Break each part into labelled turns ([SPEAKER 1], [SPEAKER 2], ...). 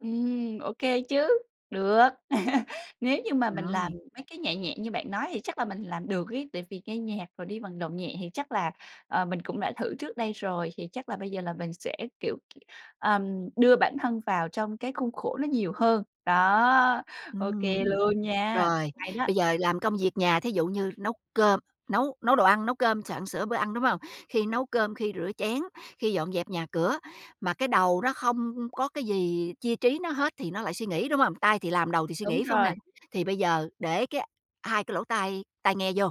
[SPEAKER 1] Ừm, OK chứ. Được. Nếu như mà mình làm
[SPEAKER 2] Rồi.
[SPEAKER 1] mấy cái nhẹ nhẹ như bạn nói thì chắc là mình làm được ấy, tại vì nghe nhạc, rồi đi vận động nhẹ thì chắc là, ờ, mình cũng đã thử trước đây rồi, thì chắc là bây giờ là mình sẽ, kiểu, ừm, đưa bản thân vào trong cái khuôn khổ nó nhiều hơn. Đó, OK
[SPEAKER 2] Ừm.
[SPEAKER 1] luôn nha.
[SPEAKER 2] Rồi,
[SPEAKER 1] Hay đó!
[SPEAKER 2] bây giờ làm công việc nhà thí dụ như nấu cơm, nấu nấu đồ ăn, nấu cơm, soạn sửa bữa ăn, đúng hông? Khi nấu cơm, khi rửa chén, khi dọn dẹp nhà cửa, mà cái đầu nó không có cái gì chia trí nó hết, thì nó lại suy nghĩ, đúng hông? Tay thì làm, đầu thì suy
[SPEAKER 1] Đúng
[SPEAKER 2] nghĩ, phải hông nè?
[SPEAKER 1] rồi.
[SPEAKER 2] Thì bây giờ để cái hai cái lỗ tai, tai nghe vô,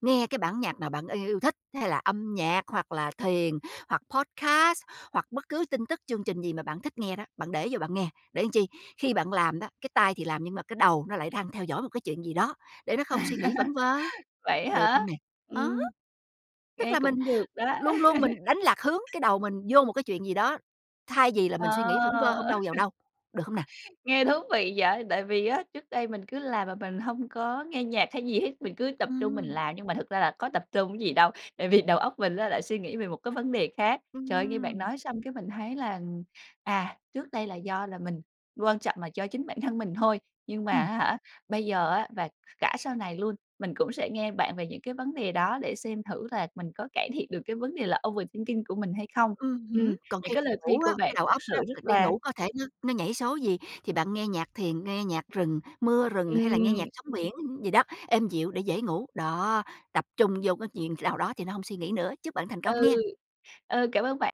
[SPEAKER 2] nghe cái bản nhạc mà bạn y yêu thích, hay là âm nhạc, hoặc là thiền, hoặc podcast, hoặc bất cứ tin tức, chương trình gì mà bạn thích nghe đó, bạn để vô bạn nghe. Để làm chi? Khi bạn làm đó, cái tay thì làm, nhưng mà cái đầu nó lại đang theo dõi một cái chuyện gì đó, để nó không suy nghĩ vẩn vơ,
[SPEAKER 1] Vậy á
[SPEAKER 2] được không
[SPEAKER 1] hả?
[SPEAKER 2] nè? Ờ.
[SPEAKER 1] Ừm.
[SPEAKER 2] Tức
[SPEAKER 1] Nghe
[SPEAKER 2] là mình
[SPEAKER 1] cũng được đó.
[SPEAKER 2] luôn luôn mình đánh lạc hướng cái đầu mình vô một cái chuyện gì đó, thay vì là mình suy nghĩ vẩn vơ hông
[SPEAKER 1] Ờ.
[SPEAKER 2] đâu vào đâu, được hông nè?
[SPEAKER 1] Nghe thú vị vậy! Tại vì á, trước đây mình cứ làm mà mình hông có nghe nhạc hay gì hết, mình cứ tập trung mình
[SPEAKER 2] Ừm.
[SPEAKER 1] làm nhưng mà thực ra là có tập trung cái gì đâu, tại vì đầu óc mình á lại suy nghĩ về một cái vấn đề khác. Trời ơi, nghe bạn
[SPEAKER 2] Ừm!
[SPEAKER 1] nói xong cái mình thấy là, ừm, à, trước đây là do là mình, quan trọng là do chính bản thân mình thôi, nhưng mà
[SPEAKER 2] Ừm.
[SPEAKER 1] á hả, bây giờ á và cả sau này luôn, mình cũng sẽ nghe bạn về những cái vấn đề đó để xem thử là mình có cải thiện được cái vấn đề là overthinking của mình hay không.
[SPEAKER 2] Ừm
[SPEAKER 1] Ừm,
[SPEAKER 2] hứm. Còn
[SPEAKER 1] những
[SPEAKER 2] khi
[SPEAKER 1] cái lời khuyên
[SPEAKER 2] ngủ
[SPEAKER 1] của
[SPEAKER 2] á,
[SPEAKER 1] bạn
[SPEAKER 2] cái đầu
[SPEAKER 1] thực
[SPEAKER 2] óc đó,
[SPEAKER 1] sự rất
[SPEAKER 2] đi
[SPEAKER 1] là
[SPEAKER 2] ngủ có thể nó nó nhảy số gì thì bạn nghe nhạc thiền, nghe nhạc rừng, mưa rừng hay là nghe
[SPEAKER 1] Ừm.
[SPEAKER 2] nhạc sóng biển gì đó, êm dịu để dễ ngủ. Đó, tập trung vô cái chuyện nào đó thì nó hông suy nghĩ nữa. Chúc bạn thành công
[SPEAKER 1] Ừ.
[SPEAKER 2] nghen!
[SPEAKER 1] Ờ, cảm ơn bạn!